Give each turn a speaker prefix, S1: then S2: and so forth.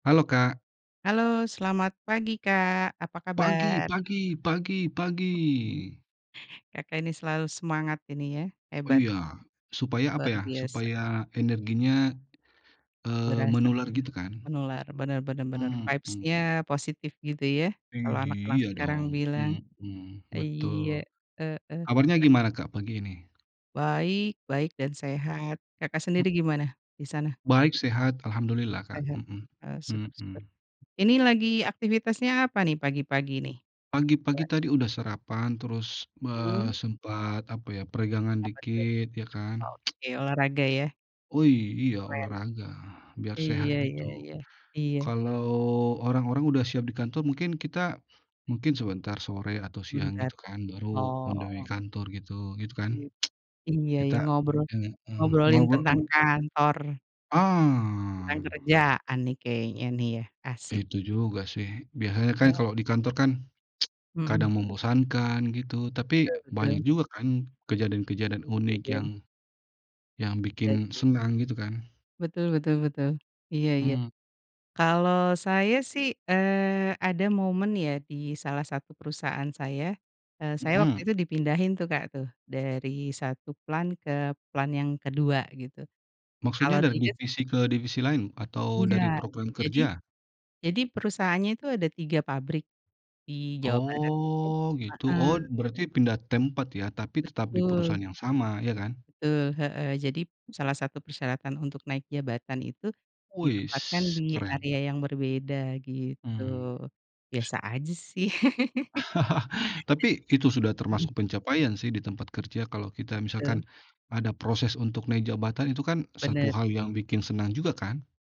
S1: Halo, Kak.
S2: Halo selamat pagi Kak, apa
S1: Pagi
S2: kabar?
S1: pagi pagi pagi.
S2: Kakak ini selalu semangat ini ya,
S1: Oh,
S2: hebat.
S1: iya, supaya apa
S2: Luar
S1: ya,
S2: biasa.
S1: supaya energinya, eee,
S2: Berasa
S1: menular gitu kan.
S2: menular, bener bener bener
S1: Mhm.
S2: vibes-nya positif gitu ya,
S1: I
S2: kalau anak-anak
S1: iya
S2: sekarang
S1: dong,
S2: bilang.
S1: mhm,
S2: Iya,
S1: betul.
S2: heeh.
S1: Awalnya gimana Kak pagi ini?
S2: Baik baik dan sehat. Kakak
S1: Mmm.
S2: sendiri gimana disana?
S1: Baik, sehat, alhamdulillah, Kak.
S2: Sehat?
S1: Mhm
S2: Oh, syukur syukur.
S1: mhm.
S2: Ini lagi aktivitasnya apa nih pagi-pagi nih,
S1: Pagi-pagi
S2: Mbak?
S1: tadi udah sarapan terus,
S2: Hmm.
S1: eee, sempat, apa ya, peregangan
S2: Apa tuh?
S1: dikit ya kan.
S2: Oke, olahraga ya.
S1: Oh iy iya
S2: Keren,
S1: olahraga biar sehat
S2: iya
S1: gitu.
S2: iya iya, iya.
S1: Kalau orang-orang udah siap di kantor mungkin kita, mungkin sebentar sore atau siang
S2: Sebentar?
S1: gitu kan baru on the way
S2: Oh.
S1: kantor gitu, gitu kan?
S2: Iya, iya
S1: Kita
S2: iya ngobrol,
S1: heeh,
S2: ngobrolin
S1: ngobro
S2: tentang kantor. Tentang
S1: Ah.
S2: kerjaan nih kayaknya nih ya, asyik.
S1: Itu juga sih, biasanya kan
S2: He
S1: kalau di kantor kan
S2: Mhm.
S1: kadang membosankan gitu, tapi
S2: Betul betul.
S1: banyak juga kan kejadian-kejadian unik yang,
S2: Kejadian.
S1: yang
S2: Nah
S1: bikin
S2: itu.
S1: senang gitu kan?
S2: Betul betul betul, iya iya.
S1: Mmm.
S2: Kalau saya sih, eee, ada momen ya di salah satu perusahaan saya, eee, saya waktu
S1: Mhm.
S2: itu dipindahin tuh Kak tuh dari 1 plant ke plant yang kedua gitu, kalau
S1: Maksudnya dari
S2: 3 sih
S1: divisi ke divisi lain atau dari
S2: Enggak.
S1: program
S2: Jadi,
S1: kerja?
S2: jadi perusahaannya itu ada 3 pabrik, di Jawa Barat,
S1: Oh
S2: [unintelligible]
S1: gitu. Oh
S2: heeh.
S1: berarti pindah tempat ya tapi tetap di perusahaan
S2: Betul.
S1: yang sama, iya kan?
S2: Betul, heeh, jadi salah satu persyaratan untuk naik jabatan itu, ditempatkan
S1: Weis
S2: di
S1: keren.
S2: area yang berbeda gitu.
S1: Hmm.
S2: Biasa aja sih,
S1: Tapi itu sudah
S2: bisa mhm.
S1: termasuk pencapaian sih di tempat kerja kalau kita
S2: Betul.
S1: misalkan, ada proses untuk naik jabatan, itu kan 1
S2: Bener.
S1: hal yang bikin senang juga kan?